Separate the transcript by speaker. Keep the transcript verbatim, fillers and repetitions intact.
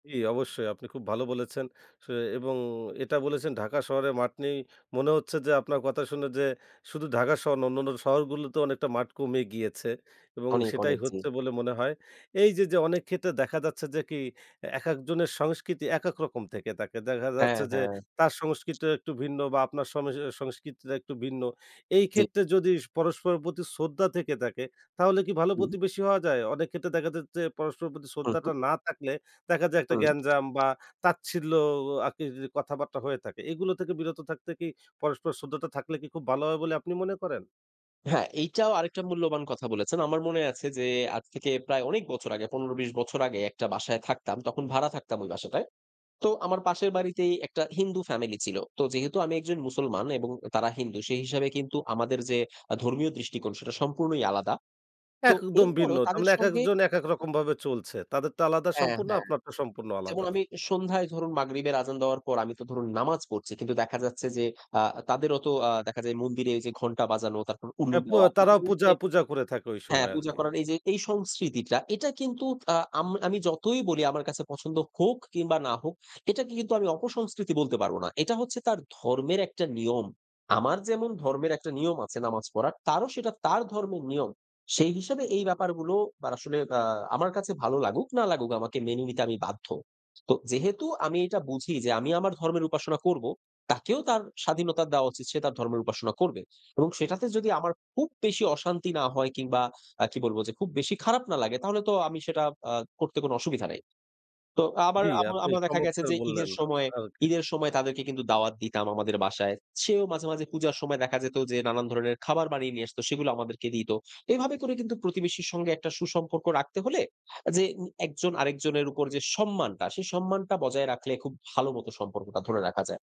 Speaker 1: জি, অবশ্যই আপনি খুব ভালো বলেছেন সু এবং এটা বলেছেন ঢাকা শহরে মাঠ নেই মনে হচ্ছে যে, আপনার কথা শুনে যে, শুধু ঢাকা শহর না অন্যান্য শহরগুলোতে অনেকটা মাঠ কমে গিয়েছে এবং
Speaker 2: অনেক,
Speaker 1: সেটাই
Speaker 2: অনেক জি।
Speaker 1: হচ্ছে বলে মনে হয়। এইযে, যে, অনেক ক্ষেত্রে দেখা যাচ্ছে যে, কি একেক জনের সংস্কৃতি একেক রকম থেকে থাকে দেখা
Speaker 2: হ্যাঁ,
Speaker 1: যাচ্ছে যে,
Speaker 2: হ্যাঁ।
Speaker 1: তার সংস্কৃতিও একটু ভিন্ন বা আপনার সম এ সংস্কৃতিটা একটু ভিন্ন। এই
Speaker 2: জী।
Speaker 1: ক্ষেত্রে যদি স পরস্পরের প্রতি শ্রদ্ধা থেকে থাকে তাহলে কি ভালো
Speaker 2: হুম।
Speaker 1: প্রতিবেশী হওয়া যায়? অনেক ক্ষেত্রে দেখা যায় যে, পরস্পরের প্রতি
Speaker 2: হু, হুম।
Speaker 1: শ্রদ্ধাটা না থাকলে দেখা যায় একটা
Speaker 2: হুম।
Speaker 1: গ্যাঞ্জাম বা তাচ্ছিল্য আরকি কথাবার্তা হয়ে থাকে। এগুলো থেকে বিরত থাকতে কি পরস্পর শ্রদ্ধাটা থাকলে কি খুব ভালো হয় বলে আপনি মনে করেন?
Speaker 2: হ্যাঁ, এইটাও আরেকটা মূল্যবান কথা বলেছেন। আমার মনে আছে যে, আজ থেকে প্রায় অনেক বছর আগে পনেরো থেকে বিশ বছর আগে একটা বাসায় থাকতাম। তখন ভাড়া থাকতাম ওই বাসটায়। তো আমার পাশের বাড়িতেই একটা হিন্দু ফ্যামিলি ছিল। তো যেহেতু আমি একজন মুসলমান এবং তারা হিন্দু সে হিসাবে কিন্তু আমাদের যে, আ ধর্মীয় দৃষ্টিকোণ সেটা সম্পূর্ণই আলাদা। তো
Speaker 1: একদম ভিন্ন।
Speaker 2: এরপরেও
Speaker 1: তার
Speaker 2: তাদের
Speaker 1: মানে
Speaker 2: সঙ্গে
Speaker 1: একেকজন একেক রকম ভাবে চলছে। তাদের তো আলাদা
Speaker 2: হ্যাঁ,
Speaker 1: সম্পূর্ণ
Speaker 2: হ্যাঁ।
Speaker 1: আপনার তো সম্পূর্ণ
Speaker 2: যেমন
Speaker 1: আলাদা।
Speaker 2: আমি সন্ধ্যায় ধরুন মাগরিবের আযান দেওয়ার পর আমি তো ধরুন নামাজ পড়ছি। কিন্তু দেখা যাচ্ছে যে, আ তাদেরও তো আ দেখা যায় মন্দিরে এইযে ঘন্টা বাজানো তারপর উল্লু
Speaker 1: অ্যা পু
Speaker 2: দেওয়া। এই
Speaker 1: তারাও
Speaker 2: জন্যই
Speaker 1: পূজা
Speaker 2: যে
Speaker 1: পূজা করে থাকে ঐ
Speaker 2: হ্যাঁ,
Speaker 1: সময়
Speaker 2: পূজা
Speaker 1: আরকি।
Speaker 2: করার এইযে এই সংস্কৃতিটা এটা কিন্তু আ আম আমি যতই বলি আমার কাছে পছন্দ হোক কিংবা না হোক এটাকে কিন্তু আমি অপসংস্কৃতি বলতে পারব না। এটা হচ্ছে তার ধর্মের একটা নিয়ম। আমার যেমন ধর্মের একটা নিয়ম আছে নামাজ পড়ার তারও সেটা তার ধর্মের নিয়ম। সেই হিসাবে এই ব্যাপারগুলো বার আসলে আ আমার আসলে আমার কাছে ভালো লাগুক না লাগুক আমাকে মেনে নিতে আমি বাধ্য। তো যেহেতু আমি এটা বুঝি যে, আমি আমার ধর্মের উপাসনা করবো, তাকেও তার স্বাধীনতা দেওয়া উচিত। সে তার ধর্মের উপাসনা করবে এবং সেটাতে যদি আমার খুব বেশি অশান্তি না হয় কিংবা আ কি বলব যে, খুব বেশি খারাপ না লাগে তাহলে তো আমি সেটা আ করতে কোনো অসুবিধা নাই। তো আবার
Speaker 1: জ্বি,
Speaker 2: আমার
Speaker 1: আপনি
Speaker 2: আমরা দেখা গেছে
Speaker 1: চমৎকার
Speaker 2: যে,
Speaker 1: বললেন
Speaker 2: ঈদের সময়
Speaker 1: আরকি।
Speaker 2: ঈদের সময় তাদেরকে কিন্তু দাওয়াত দিতাম আমাদের বাসায়। সেও মাঝে, মাঝে পূজার সময় দেখা যেত যে, নানান ধরনের খাবার বানিয়ে, নিয়ে আসতো সেগুলা আমাদেরকে দিত। এভাবে করে কিন্তু প্রতিবেশীর সঙ্গে একটা সুসম্পর্ক রাখতে হলে আ উম যে, একজন আরেকজনের উপর যে, সম্মানটা সেই সম্মানটা বজায় রাখলে খুব ভালো মতো সম্পর্কটা ধরে রাখা যায়।